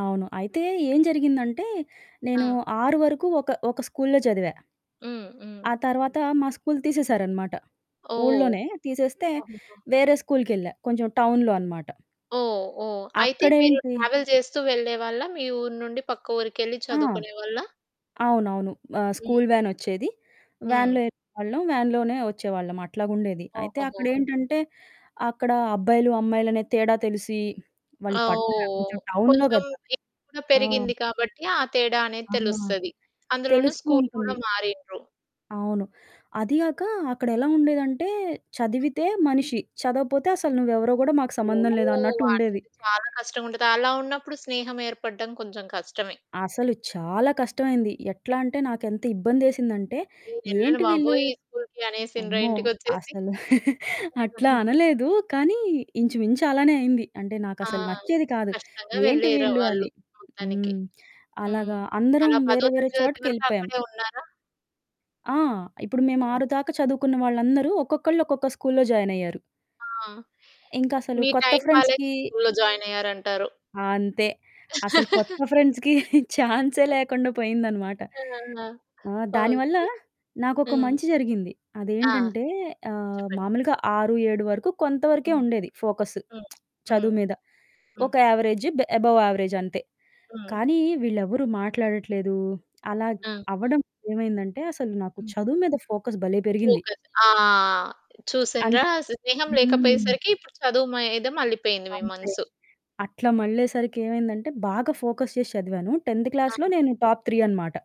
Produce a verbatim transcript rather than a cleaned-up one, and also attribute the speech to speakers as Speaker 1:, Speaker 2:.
Speaker 1: అవును. అయితే ఏం జరిగిందంటే, నేను
Speaker 2: ఆ!
Speaker 1: ఆరు వరకు ఒక, ఒక స్కూలులో చదివా.
Speaker 2: హ్మ్. హ్మ్.
Speaker 1: ఆ తర్వాత మా స్కూలు తీసేశారనమాట.
Speaker 2: ఓహ్!
Speaker 1: ఊల్లోనే తీసేస్తే
Speaker 2: అబ్బా!
Speaker 1: వేరే స్కూల్కెళ్ళా. కొంచెం టౌన్‌లో అనమాట.
Speaker 2: ఓహ్! ఓహ్! అయితే మీరు
Speaker 1: అక్కడేంటి
Speaker 2: ట్రావెల్ చేస్తూ వెళ్ళేవాళ్ళా? మీ ఊరు నుండి పక్క ఊరికెళ్ళి
Speaker 1: ఆ!
Speaker 2: చదువుకునేవాళ్ళా?
Speaker 1: అవునవును. ఆహ్, స్కూలు
Speaker 2: హ్మ్.
Speaker 1: వ్యానొచ్చేది.
Speaker 2: హ్మ్.
Speaker 1: వ్యాన్‌లో యెళ్ళేవాళ్ళం, వ్యాన్‌లోనే వచ్చేవాళ్ళం. అట్లాగుండేది. అయితే
Speaker 2: ఓహోహో!
Speaker 1: అక్కడేంటంటే అక్కడ అబ్బాయిలు, అమ్మాయిలునే తేడా తెలిసి వాళ్ళు
Speaker 2: ఆహ్,
Speaker 1: పట్న
Speaker 2: ఓహ్!
Speaker 1: కొంచెం టౌన్‌లో
Speaker 2: కొంచెం
Speaker 1: గదా!
Speaker 2: ఏజ్ కూడా
Speaker 1: ఆ!
Speaker 2: పెరిగింది కాబట్టి ఆ తేడా అనేది
Speaker 1: ఆ!
Speaker 2: తెలుస్తది. అందులోన
Speaker 1: తెలుస్తూ
Speaker 2: స్కూలు కూడా
Speaker 1: ఉంటుంది.
Speaker 2: మారిండ్రు.
Speaker 1: అవును. అది గాక అక్కడెలా ఉండేదంటే చదివితే మనిషి. చదవపోతే అసలు నువ్వెవరో కూడా మాకు సంబంధం లేదు
Speaker 2: ఓహ్!
Speaker 1: అన్నట్టుండేది.
Speaker 2: అట్టయితే చాలా కష్టంగుంటది. అలా ఉన్నప్పుడు స్నేహం ఏర్పడడం కొంచెం కష్టమే.
Speaker 1: అసలు చాలా కష్టమైంది. ఎట్లా అంటే నాకు ఎంత ఇబ్బందేసిందంటే
Speaker 2: నేనెళ్ళను
Speaker 1: ఏంటి వీళ్ళు?
Speaker 2: బాబోయ్! ఈ స్కూలికి అనేసిండ్రా
Speaker 1: అమ్మో!
Speaker 2: ఇంటికొచ్చేసి.
Speaker 1: అసలు అట్లా అనలేదు. కానీ ఇంచుమించి అలానే అయింది. అంటే
Speaker 2: ఆ!
Speaker 1: నాకుసలు నచ్చేది కాదు.
Speaker 2: కష్టంగా
Speaker 1: ఏంటి
Speaker 2: వెళ్ళారు
Speaker 1: వీళ్ళు
Speaker 2: వాళ్ళు
Speaker 1: అని.
Speaker 2: మొత్తానికి.
Speaker 1: హ్మ్.
Speaker 2: హ్మ్.
Speaker 1: అలాగా అందరం
Speaker 2: అలా పదో
Speaker 1: వేరే వేరే
Speaker 2: తరగతి వరకు
Speaker 1: చోటకెళ్ళిపోయాం.
Speaker 2: అక్కడే ఉన్నారా?
Speaker 1: ఆ! ఇప్పుడు మేము
Speaker 2: హ్మ్.
Speaker 1: ఆరు దాకా చదువుకున్న వాళ్ళందరూ ఒక్కొక్కళ్ళు ఒక్కొక్క స్కూలులో జాయినయ్యారు.
Speaker 2: ఆ!
Speaker 1: ఇంకసలు
Speaker 2: మీ
Speaker 1: కొత్త
Speaker 2: టైం బాలేక
Speaker 1: ఫ్రెండ్స్‌కీ
Speaker 2: ఈ స్కూలులో జాయినయ్యారంటారు.
Speaker 1: అంతే. అసలు కొత్త ఫ్రెండ్స్‌కీ ఛాన్సే లేకుండా పోయిందనమాట.
Speaker 2: ఆహా!
Speaker 1: ఆ! దానివల్ల
Speaker 2: ఓకే.
Speaker 1: నాకొక
Speaker 2: హ్మ్.
Speaker 1: మంచి జరిగింది.
Speaker 2: ఆ!
Speaker 1: అదేంటంటే ఆహ్,
Speaker 2: చెప్పండి.
Speaker 1: మామూలుగా ఆరు ఏడు వరకు కొంత వరకే
Speaker 2: హ్మ్.
Speaker 1: ఉండేది ఫోకస్సు.
Speaker 2: హ్మ్.
Speaker 1: చదువు
Speaker 2: హ్మ్.
Speaker 1: మీద.
Speaker 2: హ్మ్.
Speaker 1: ఒక యావరేజు బ్ అబవ్ యావరేజ్ అంతే.
Speaker 2: హ్మ్.
Speaker 1: కానీ వీళ్ళెవ్వరు మాట్లాడట్లేదు. అలాగ్
Speaker 2: ఆ!
Speaker 1: అవ్వడం ఏమైందంటే అసలు నాకు
Speaker 2: హ్మ్.
Speaker 1: చదువు మీద ఫోకస్ భలే! పెరిగింది.
Speaker 2: ఫోకస్. ఆ! చూసిండ్రా
Speaker 1: అంటే.
Speaker 2: స్నేహం
Speaker 1: హ్మ్.
Speaker 2: లేకపోయేసరికి ఇప్పుడు చదువు మీద మళ్ళిపోయింది మీ
Speaker 1: అంతే.
Speaker 2: మనసు.
Speaker 1: అట్లా మళ్ళేసరికి ఏమైందంటే బాగా ఫోకస్ చేసి చదివాను. టెన్త్
Speaker 2: ఆ!
Speaker 1: క్లాస్‌లో నేను టాప్ త్రీ అనమాట.